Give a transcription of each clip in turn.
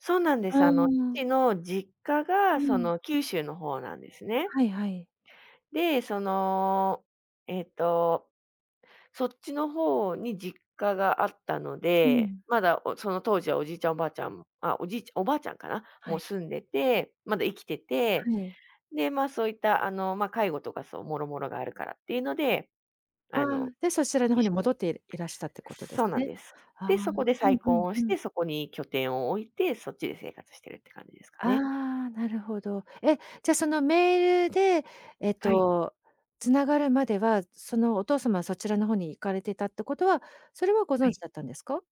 そうなんであ、す、うあの、ーん。父の実家うがそん。の九州の方なんですね。はいはい。で、そのえっと、そっちの方に実家があったのうで、ん。まだおその当時はおじいちゃんおばあちゃんあ、おじいちゃおばあちゃんかな、はもうい。住んでて、まだ生きてて、はい。で、ま、そういったあの、ま、介護とかそう諸々があるからっていうので、あ、あの、で、そちらの一方に緒に戻っていらしたってことでそすうなんね。です。ああ。で、そこでうん、再う婚ん、をうしん。て、そこに拠点を置いて、そっちで生活してるって感じですかあね。あ、なるほど。え、じゃ、そのメールで、えっはい。と、繋がるまでは、そのお父様はそちらの方に行かれてたってことは、それはごは存知い。だったんですか？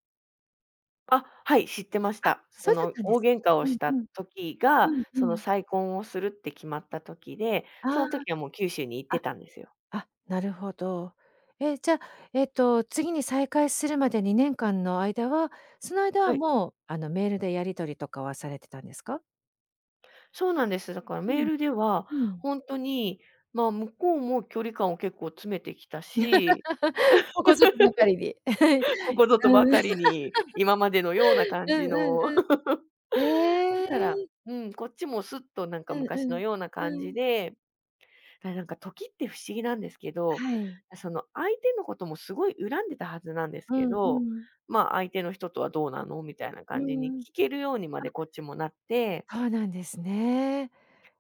あ、はい、知ってましあ、た。そそうだっのたんで大す。喧嘩をうしん、たうん。時うが、ん、うそのん。再婚をするって決まった時で、そあの時はもう九州に行っあ。てたんですよ。ああ、なるほど。え、じゃ、えっと、次に再開するまで2年間の間は、その間ははい。もう、あのメールでやり取りとかはされてたんですか？そうなんです。だからうメーん。ルではうん。ほんとに、ま、向こうも距離感を結構詰めてきたし、ここぞとばかりで。ここ ぞとうばん。かりに。今までのような 感うじんうんうの だん。へから、え。うん、こっちもすっとなんかうん昔うのん。ような感うじん。で、だ、なんか時って不思議なんですけど、はい。その相手のこともすごい恨んでいたはずなんですうけん、うど、ん。ま、相手の人とはどうなのみたいなう感じにん。聞けるようにまであ。こっちもなってそうなんですね。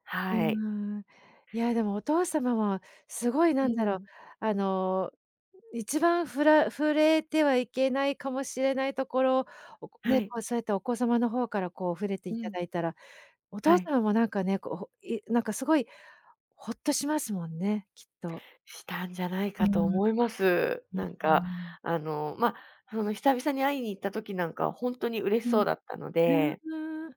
はい。うん。いやでもお父様はすごいう何だろう、ん。あの1番ふら触れてはいけないかもしれないところをはね、い。そうやってお子様の方からこう触れてういたん。だいたら、おは父い。さんもなんかねこう、ほなんかすごいほっとしますもんね、きっと。したんじゃないうんかと思います。うんうん。ん、うなんーか、ん。あの、ま、その久々に会いに行った時なんかはほんとに嬉うしん。そううだったので。ーん。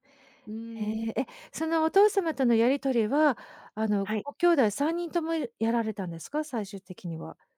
うーへん。え、え、そのお父様とのやり取りは、あの、はい。ご兄弟3人ともやられたんですか？最終的には。